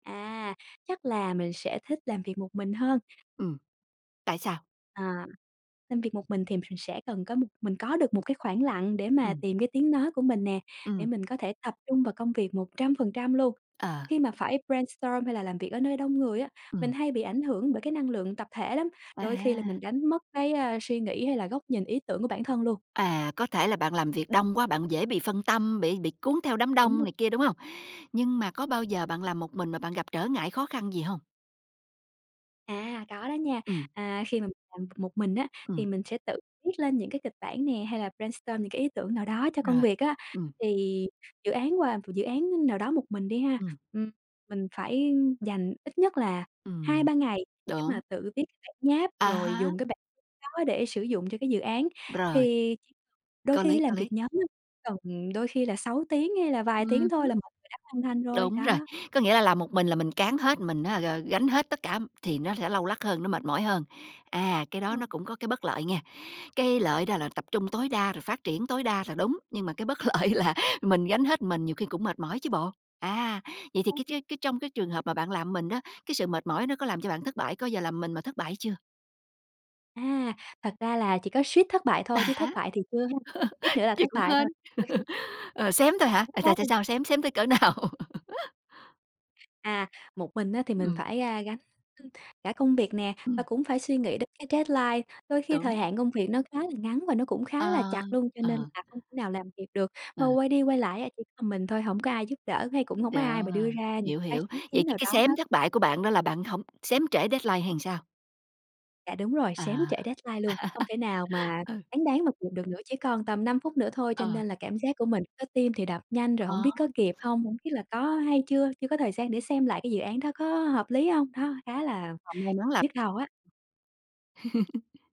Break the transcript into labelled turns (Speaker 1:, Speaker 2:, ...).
Speaker 1: À, chắc là mình sẽ thích làm việc một mình hơn.
Speaker 2: Ừm. Tại sao?
Speaker 1: À, làm việc một mình thì ph mình sẽ cần có một mình có được một cái khoảng lặng để mà
Speaker 2: Ừm.
Speaker 1: tìm cái tiếng nói của mình nè, để
Speaker 2: Ừm.
Speaker 1: mình có thể tập trung vào công việc 100% luôn.
Speaker 2: Ờ.
Speaker 1: Khi mà phải brainstorm hay là làm việc ở nơi đông người á, mình
Speaker 2: Ừm.
Speaker 1: hay bị ảnh hưởng bởi cái năng lượng tập thể lắm, đôi khi là mình
Speaker 2: À.
Speaker 1: đánh mất cái, a, suy nghĩ, hay là góc nhìn, ý tưởng của bản thân luôn.
Speaker 2: À, có thể là bạn làm việc đông quá, bạn dễ bị phân tâm, bị bị cuốn theo đám
Speaker 1: Đúng
Speaker 2: đông
Speaker 1: rồi.
Speaker 2: này kia, đúng hông? Nhưng mà có bao giờ bạn làm một mình mà bạn gặp trở ngại, khó khăn gì hông?
Speaker 1: À, có đó nha.
Speaker 2: Ừm.
Speaker 1: À, khi mà mình làm b một mình á thì
Speaker 2: Ừm.
Speaker 1: mình sẽ tự viết lên những cái kịch bản nè, hay là brainstorm những cái ý tưởng nào đó cho công
Speaker 2: Rồi,
Speaker 1: việc á.
Speaker 2: ừm.
Speaker 1: Thì dự án và m dự án, a, nào đó một mình đi ha,
Speaker 2: Ừm.
Speaker 1: ừm, mình phải dành ít nhất là hai
Speaker 2: Ừm.
Speaker 1: ba ngày để mà
Speaker 2: Đúng!
Speaker 1: tự viết cái bản nháp,
Speaker 2: À
Speaker 1: rồi
Speaker 2: há.
Speaker 1: dùng cái bản đó để sử dụng cho cái dự án.
Speaker 2: Rồi.
Speaker 1: Thì đôi
Speaker 2: Có
Speaker 1: khi
Speaker 2: lý,
Speaker 1: ấy làm
Speaker 2: có
Speaker 1: việc
Speaker 2: lý.
Speaker 1: nhóm á cần đôi khi là 6 tiếng, hay là vài tiếng
Speaker 2: Ừm
Speaker 1: thôi
Speaker 2: hứm.
Speaker 1: là mọi người đã hoàn thành rồi,
Speaker 2: Đúng rồi.
Speaker 1: đó.
Speaker 2: Có nghĩa là làm một mình là mình cáng hết, mình á g gánh hết tất cả thì nó sẽ lâu lắc hơn, nó mệt mỏi hơn, à, cái
Speaker 1: Ờ.
Speaker 2: đó nó cũng có cái bất lợi nghe. Cái lợi đó là tập trung tối đa rồi phát triển tối đa là đúng, nhưng mà cái bất lợi là mình gánh hết, mình nhiều khi cũng mệt mỏi chứ bộ. À, vậy thì cái tr
Speaker 1: [unintelligible]
Speaker 2: cái trong cái trường hợp mà bạn làm mình đó, cái sự mệt mỏi nó có làm cho bạn thất bại có bao giờ làm mình mà thất bại chưa?
Speaker 1: À, thật ra là chỉ có suýt thất bại
Speaker 2: À
Speaker 1: thôi, chứ thất
Speaker 2: há.
Speaker 1: bại thì chưa ha, suýt nữa là
Speaker 2: Vậy
Speaker 1: thất
Speaker 2: cũng
Speaker 1: bại thôi.
Speaker 2: hên.
Speaker 1: [unintelligible]
Speaker 2: Ờ, xém thôi hả? À, tại tại
Speaker 1: [unintelligible]
Speaker 2: sao xém, xém tới cỡ nào?
Speaker 1: À, một mình á thì mình
Speaker 2: Ừm.
Speaker 1: phải, a, gánh cả công việc nè, và
Speaker 2: Ừm.
Speaker 1: cũng phải suy nghĩ đến cái deadline, đôi khi
Speaker 2: Đúng.
Speaker 1: thời hạn công việc nó khá là ngắn và nó cũng khá
Speaker 2: Ờ,
Speaker 1: là chặt luôn, cho nên
Speaker 2: ờ.
Speaker 1: là không thể nào làm kịp được.
Speaker 2: Ờ.
Speaker 1: Mà quay đi quay lại á chỉ có mình thôi, hổng có ai giúp đỡ, hay cũng hổng có
Speaker 2: Đó,
Speaker 1: ai mà đưa ra những
Speaker 2: hiểu,
Speaker 1: cái
Speaker 2: hiểu.
Speaker 1: sáng
Speaker 2: Vậy
Speaker 1: kiến
Speaker 2: chứ
Speaker 1: nào
Speaker 2: cái
Speaker 1: đó hết.
Speaker 2: xém thất bại của bạn đó là bạn hổng xém trễ deadline hay làm sao?
Speaker 1: Dạ, đúng rồi. Xém
Speaker 2: À.
Speaker 1: trễ deadline luôn, không thể nào mà
Speaker 2: Ừ.
Speaker 1: cáng đáng mà kịp được nữa, chỉ còn tầm 5 phút nữa thôi. Cho
Speaker 2: Ờ.
Speaker 1: nên là cảm giác của mình lúc đó tim thì đập nhanh, rồi hổng
Speaker 2: Ờ.
Speaker 1: biết có kịp hông, hổng biết là có hay chưa chưa có thời gian để xem lại cái dự án đó có, ơ, hợp lý hông. Đó, khá là
Speaker 2: [unintelligible]
Speaker 1: nhức đầu á.